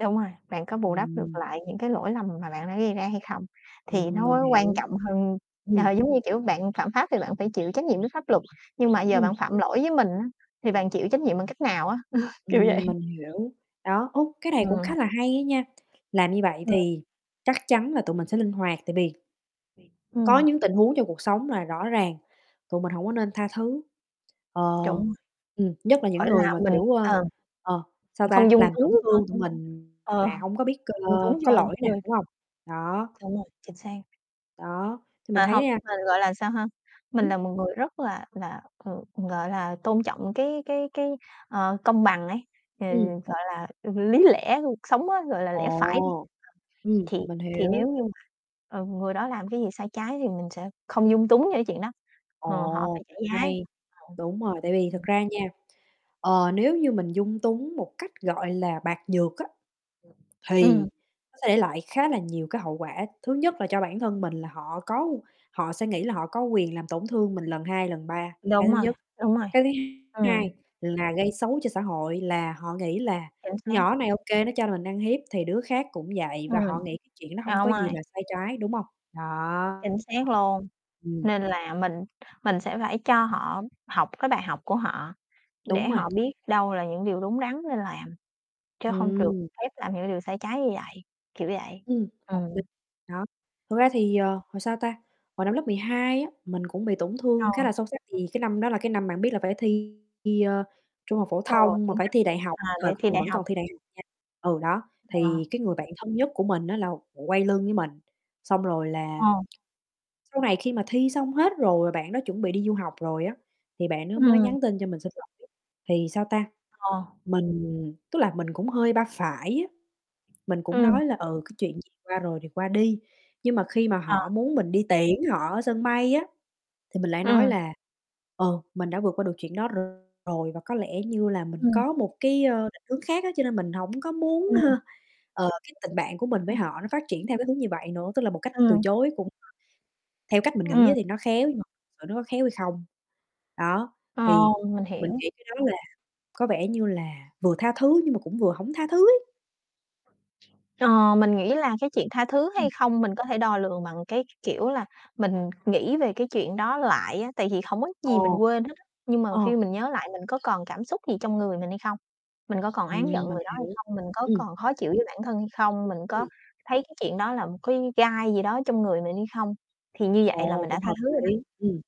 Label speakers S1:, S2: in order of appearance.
S1: Đúng rồi, bạn có bù đắp được
S2: Ừm.
S1: lại những cái lỗi lầm mà bạn đã gây ra hay không thì
S2: Ừm,
S1: nó
S2: mình
S1: mới quan
S2: hiểu.
S1: trọng hơn
S2: Ừm.
S1: ờ, giống như, kiểu, bạn phạm pháp thì bạn phải chịu trách nhiệm với pháp luật nhưng mà giờ bạn
S2: Ừm.
S1: phạm lỗi với mình á, thì bạn chịu trách nhiệm bằng cách nào á? Kiểu vậy.
S2: Ừm, mình hiểu, đó, út cái này cũng
S1: Ừm.
S2: khá là hay á nha, làm như vậy
S1: Hừm.
S2: thì chắc chắn là tụi mình sẽ linh hoạt tại bì
S1: [unintelligible]
S2: có
S1: Ừm.
S2: những tình huống trong cuộc sống là rõ ràng tụi mình hổng có nên tha thứ, ờ,
S1: Đúng rồi.
S2: ừm, nhất là những
S1: Ờ là
S2: người mà,
S1: mình
S2: kiểu, ơ,
S1: ờm,
S2: ờ, sao
S1: mình
S2: ta,
S1: không dung
S2: làm tổn
S1: túng cho,
S2: thương tụi
S1: ưm
S2: mình mà
S1: ờ,
S2: hông có biết cơ
S1: dung túng
S2: có
S1: cho những
S2: lỗi nè,
S1: người
S2: đúng hông? Đó.
S1: Đúng rồi, chính xác.
S2: Đó, thì mình
S1: Và hông,
S2: thấy, a
S1: mình, gọi là, sao ha, mình
S2: Ừm.
S1: là một người rất là là, ừ, gọi là, tôn trọng cái cái cái, ờ, công bằng ấy, ừ,
S2: Ừm.
S1: gọi là, ừ, lý lẽ của cuộc sống á, gọi là, lẽ phải đi,
S2: Ồ!
S1: ờm,
S2: Ừm,
S1: thì
S2: mình
S1: thì nếu
S2: hiểu.
S1: như mà, ờ, người đó làm cái gì sai trái thì mình sẽ không dung túng cho chuyện đó, ờ, họ
S2: Ồ,
S1: phải trả
S2: cũng
S1: giá
S2: hay.
S1: [unintelligible]
S2: Đúng rồi, tại vì thật
S1: ừm.
S2: ra nha, ờ, nếu như mình dung túng một cách, gọi là, bạc nhược á,
S1: Ừm,
S2: thì
S1: ừm.
S2: nó sẽ để lại khá là nhiều cái hậu quả, thứ nhất là cho bản thân mình là họ có họ sẽ nghĩ là họ có quyền làm tổn thương mình lần 2, lần 3, cái
S1: Đúng
S2: thứ
S1: rồi,
S2: nhất.
S1: đúng rồi,
S2: Cái thứ hai
S1: ừm.
S2: hai là gây xấu cho xã hội là họ nghĩ là
S1: Chính xác.
S2: "Nhỏ này ô kê nó cho mình ăn hiếp thì đứa khác cũng vậy." Và họ
S1: Ừm,
S2: nghĩ cái chuyện nó hông
S1: à, đúng
S2: có gì
S1: rồi.
S2: là sai trái, đúng hông? Đó.
S1: Chính xác luôn,
S2: Ừm.
S1: nên là mình mình sẽ phải cho họ học cái bài học của họ
S2: Đúng
S1: để
S2: rồi.
S1: họ biết đâu là những điều đúng đắn nên làm, chứ hông được
S2: Ừm.
S1: phép làm những điều sai trái như vậy, kiểu vậy.
S2: Ừm, hợp
S1: Ừm.
S2: lý, nó, thực ra thì, ờ, hồi, sao ta, hồi năm lớp 12 á, mình cũng bị tổn
S1: Ờ.
S2: thương khá là sâu sắc, thì cái năm đó là cái năm bạn biết là phải thi thi, ơ, trung học phổ
S1: Ờ,
S2: thông mà
S1: chính
S2: phải
S1: xác.
S2: thi đại học,
S1: À,
S2: cái
S1: để
S2: thời
S1: thi
S2: còn
S1: đại
S2: vẫn
S1: học.
S2: còn thi đại học nha, ừ, đó,
S1: Ờ.
S2: thì cái người bạn thân nhất của mình á, là quay lưng với mình, xong rồi là
S1: Ờ.
S2: sau này khi mà thi xong hết rồi, bạn đó chuẩn bị đi du học rồi á, thì bạn đó mới
S1: Ừm.
S2: nhắn tin cho mình xin lỗi, thì, sao ta,
S1: Ờ.
S2: mình tức là mình cũng hơi ba phải á, mình cũng
S1: Ừm.
S2: nói là "Ừ cái chuyện gì qua rồi thì qua đi." Nhưng mà khi mà
S1: Ờ.
S2: họ muốn mình đi tiễn họ ở sân bay á, thì mình lại nói
S1: Ừm.
S2: là "Ờ, mình đã vượt qua được chuyện đó r rồi", và có lẽ như là mình
S1: Ừm.
S2: có một cái, ơ, định hướng khác á, cho nên mình hổng có muốn h
S1: Ừm.
S2: ờ, cái tình bạn của mình
S1: Ờ.
S2: với họ nó phát triển theo cái hướng như vậy nữa, tức là một cách từ
S1: Ừm.
S2: chối cũng [unintelligible] theo cách mình nghĩ á,
S1: Ừm.
S2: thì nó khéo nhưng mà sự nó có khéo hay không? Đó,
S1: Ờ,
S2: thì
S1: mình
S2: mình
S1: hiểu.
S2: nghĩ cái đó là có vẻ như là vừa tha thứ nhưng mà cũng vừa hổng tha thứ ấy.
S1: Ờ, mình nghĩ là cái chuyện tha thứ
S2: Ừm.
S1: hay không mình có thể đo lường bằng cái c kiểu là mình nghĩ về cái chuyện đó lại á, tại vì hổng có gì
S2: Ờ,
S1: mình quên hết á, nhưng mà
S2: ờ.
S1: khi mình nhớ lại mình có còn cảm xúc gì trong người mình hay không? Mình có còn oán giận
S2: Ừm, mình
S1: người đó hay
S2: hiểu.
S1: không? Mình có
S2: Ừm.
S1: còn khó chịu với bản thân hay không? Mình có
S2: Ừm.
S1: thấy cái chuyện đó là một cái gai gì đó trong người mình hay không? Thì như vậy là
S2: Ồ!
S1: mình đã
S2: Cũng
S1: tha
S2: hợp
S1: thứ rồi đó.
S2: lý, ừm.